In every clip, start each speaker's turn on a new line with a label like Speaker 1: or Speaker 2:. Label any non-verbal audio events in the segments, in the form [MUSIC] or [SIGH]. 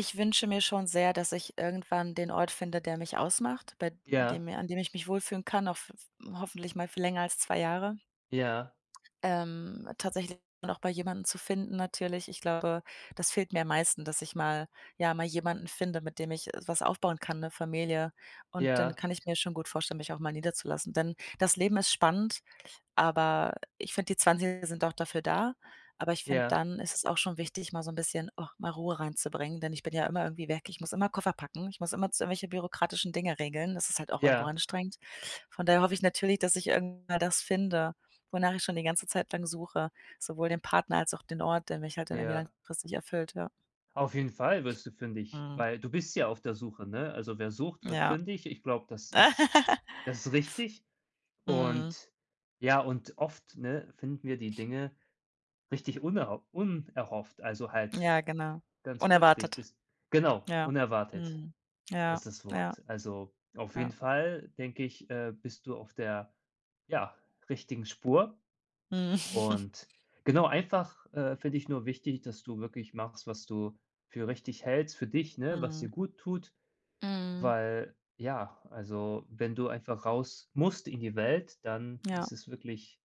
Speaker 1: Ich wünsche mir schon sehr, dass ich irgendwann den Ort finde, der mich ausmacht, bei
Speaker 2: Ja.
Speaker 1: dem mir an dem ich mich wohlfühlen kann, auch f f hoffentlich mal für länger als 2 Jahre.
Speaker 2: Ja.
Speaker 1: Ähm, tatsächlich auch bei jemandem zu finden natürlich. Ich glaube, das fehlt mir am meisten, dass ich mal ja, mal jemanden finde, mit dem ich, äh, was aufbauen kann, 'ne Familie. Und dann
Speaker 2: Ja.
Speaker 1: kann ich mir schon gut vorstellen, mich auch mal niederzulassen, denn das Leben ist spannend, aber ich finde, die 20er sind auch dafür da, aber ich finde,
Speaker 2: Ja.
Speaker 1: dann ist es auch schon wichtig, mal so 'n bisschen, ach, mal Ruhe reinzubringen, denn ich bin ja immer irgendwie weg, ich muss immer Koffer packen, ich muss immerzu irgendwelche bürokratischen Dinge regeln, das ist halt auch irgendwo
Speaker 2: Ja.
Speaker 1: anstrengend. Von daher hoffe ich natürlich, dass ich irgendwann das finde, wonach ich schon die ganze Zeit lang suche, sowohl den Partner als auch den Ort, der mich halt irgendwie dann
Speaker 2: Ja.
Speaker 1: langfristig erfüllt, ja.
Speaker 2: Auf jeden Fall wirst du fündig,
Speaker 1: Mhm.
Speaker 2: weil du bist ja auf der Suche, ne? Also, wer sucht, wird
Speaker 1: Ja.
Speaker 2: fündig, ich glaube, das ist
Speaker 1: [LAUGHS]
Speaker 2: das ist richtig.
Speaker 1: Mhm.
Speaker 2: Und ja, und oft, ne, finden wir die Dinge richtig unerho unerhofft, also halt
Speaker 1: Ja genau,
Speaker 2: ganz plötzlich,
Speaker 1: unerwartet.
Speaker 2: das genau,
Speaker 1: Ja,
Speaker 2: unerwartet
Speaker 1: mhm, ja,
Speaker 2: ist das
Speaker 1: ja.
Speaker 2: Wort. Also, auf jeden
Speaker 1: Ja.
Speaker 2: Fall, denke ich, äh, bist du auf der, ja, richtigen Spur.
Speaker 1: Mhm.
Speaker 2: Und genau einfach, äh, für dich nur wichtig, dass du wirklich machst, was du für richtig hältst für dich, ne, was
Speaker 1: Mhm.
Speaker 2: dir gut tut,
Speaker 1: Mhm.
Speaker 2: weil ja also, wenn du einfach raus musst in die Welt, dann
Speaker 1: Ja.
Speaker 2: ist es wirklich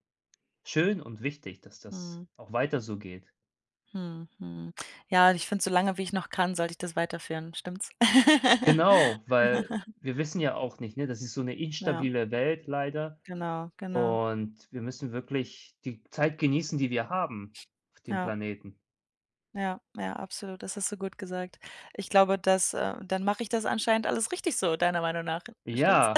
Speaker 2: schön und wichtig, dass das
Speaker 1: Mhm.
Speaker 2: auch weiter so geht.
Speaker 1: Mhm, mhm. Ja, ich finde, so lange wie ich noch kann, sollte ich das weiterführen, stimmt's?
Speaker 2: Genau, weil
Speaker 1: [LAUGHS]
Speaker 2: wir wissen ja auch nicht, ne? Das ist so 'ne
Speaker 1: Ja.
Speaker 2: instabile Welt leider
Speaker 1: Genau, genau.
Speaker 2: und wir müssen wirklich die Zeit genießen, die wir haben auf dem
Speaker 1: Ja.
Speaker 2: Planeten.
Speaker 1: Ja, ja, absolut, das hast du gut gesagt. Ich glaube, das, äh dann mache ich das anscheinend alles richtig so deiner Meinung nach, stimmt's?
Speaker 2: Ja,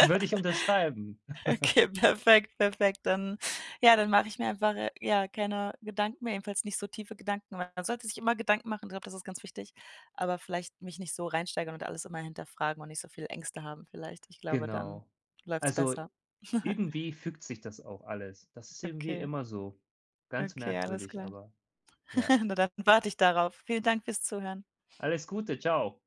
Speaker 2: würde ich unterschreiben. [CHUCKLES]
Speaker 1: Okay, perfekt, perfekt. Dann ja, dann mache ich mir einfach, äh, ja, keine Gedanken mehr, jedenfalls nicht so tiefe Gedanken, weil man sollte sich immer Gedanken machen, ich glaube, das ist ganz wichtig, aber vielleicht mich nicht so reinsteigern und alles immer hinterfragen und nicht so viele Ängste haben vielleicht. Ich glaube, dann
Speaker 2: Genau,
Speaker 1: läuft's
Speaker 2: also,
Speaker 1: besser. [CHUCKLES]
Speaker 2: irgendwie fügt sich das auch alles, das ist irgendwie
Speaker 1: Okay.
Speaker 2: immer so. Ganz
Speaker 1: Okay, alles
Speaker 2: merkwürdig,
Speaker 1: klar.
Speaker 2: aber, ja.
Speaker 1: [CHUCKLES] Na, dann warte ich darauf. Vielen Dank fürs Zuhören.
Speaker 2: Alles Gute, tschau.